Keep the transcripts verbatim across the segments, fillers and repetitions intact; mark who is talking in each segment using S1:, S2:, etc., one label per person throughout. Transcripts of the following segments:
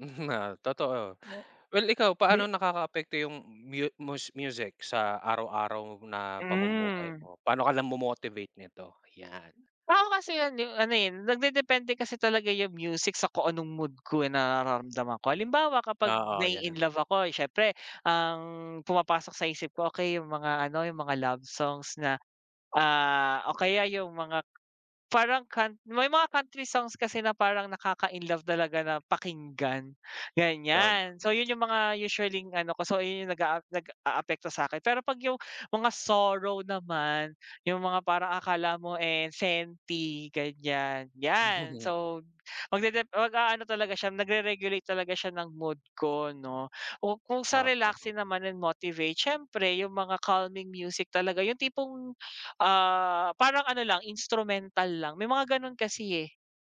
S1: Oo totoo.
S2: Mo.
S1: Well, ikaw paano
S2: Di
S1: nakakaapekto yung mu mus music sa araw-araw na pamumuhay
S2: Hmm.
S1: mo? Paano ka lang mo motivate nito yan?
S2: Tao kasi yun yung ano, eh, nagde-depende kasi talaga yung music sa kung anong mood ko, eh, nararamdaman ko. Halimbawa, kapag
S1: Oo yan.
S2: na-i-inlove ako, eh, siyempre ang pumapasok sa isip ko okey yung mga ano yung mga love songs na, ah, o kaya yung mga parang kant may mga country songs kasi na parang nakaka-inlove talaga na pakinggan,
S1: Tob.
S2: ganyan. So yun yung mga usually-ing ano ko, so ayun yung nag-aap nag-aapekto sakin pero pag yung mga sorrow naman yung mga parang akala mo, eh, senty, ganyan. Yan, so mag dep mag-aano talaga siya nagreregulate talaga siya ng mood ko, no? O kung sa
S1: Oo.
S2: relaxing naman yun motivate siyempre yung mga calming music talaga, yung tipong, ah, parang ano lang instrumental lang. May mga ganon kasi, eh.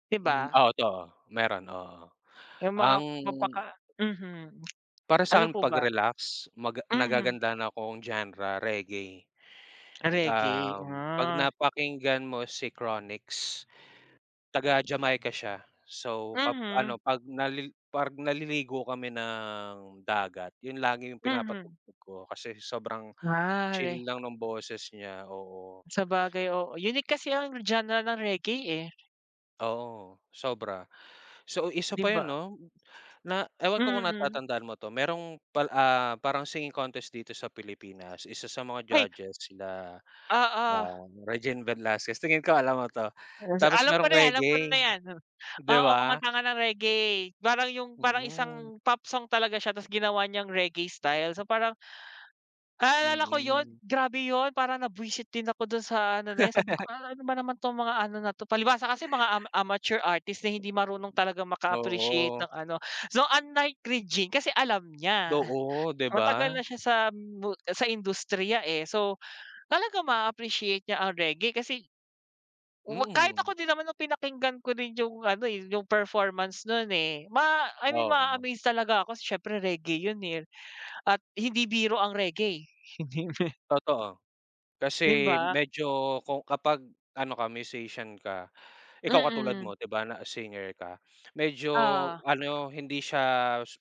S2: Di
S1: Hmm,
S2: ba?
S1: o 'to oh, meron, oo.
S2: Yung mga
S1: Ang
S2: mapaka mhm.
S1: Para
S2: Ano
S1: sakin
S2: po
S1: pag
S2: ba?
S1: relax mag
S2: Mhm.
S1: nagagandahan akong genre reggae.
S2: Reggae,
S1: Um, pag
S2: ah.
S1: napakinggan mo si Chronics. Taga Jamaica siya so kap ano
S2: Mhm.
S1: pag nalil parg naliligo kami ng dagat yun lagi yung
S2: Mhm.
S1: pinapatugtog ko kasi sobrang
S2: Ah re
S1: chill lang ng boses niya, oo.
S2: Sabagay, oo, unique kasi ang genre ng reggae, eh.
S1: Oo, sobra. So, isa
S2: Di
S1: pa yun,
S2: ba?
S1: no? Na ewan ko kung
S2: Mm.
S1: natatandaan mo to. Merong pal ah, parang singing contest dito sa pilipinas, isa sa mga
S2: Ay.
S1: judges sila,
S2: Oo.
S1: ah, Regine Velasquez. Tingin ko alam mo to.
S2: Hmm, sa
S1: Tapos
S2: alam ko
S1: merong
S2: na yan alam ko
S1: Reggae,
S2: na yan, ne.
S1: di
S2: Oo,
S1: ba?
S2: kumanta ka ng reggae. Parang yung parang
S1: Mm.
S2: isang pop song talaga siya tapos ginawa niyang reggae style so parang Naalala ko yun,
S1: Mm.
S2: grabe yun para na bwisit din ako dun sa ano na yan sabi ko "A al ano ba naman tong mga ano na to." Palibhasa kasi mga ama amateur artist na hindi marunong talagang maka appreciate
S1: Oo.
S2: ng ano. So, unlike Regine, kasi alam niya,
S1: Doo, di
S2: matagal
S1: ba?
S2: na siya sa mu sa industriya, eh. So, talaga ma-appreciate niya ang reggae kasi 'wag kahit ako
S1: Mm.
S2: din naman nung pinakinggan ko din yung ano, eh, yung performance nun, eh, ma I mean
S1: Oo.
S2: ma-aamaze talaga ako siyempre reggae yun, eh. At hindi biro ang reggae.
S1: Totoo.
S2: Di
S1: Kasi
S2: ba?
S1: medyo kung kapag ano ka musician ka, ikaw katulad
S2: Mm.
S1: mo, di ba? Na singer ka, medyo
S2: Oo.
S1: ano hindi siya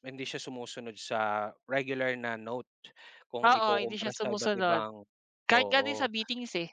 S1: hindi siya sumusunod sa regular na note kung
S2: Oo, hindi
S1: ikukumpara
S2: siya
S1: sa iba't
S2: sumusunod.
S1: ibang
S2: Kahit nga din sa
S1: oo.
S2: beatings, eh.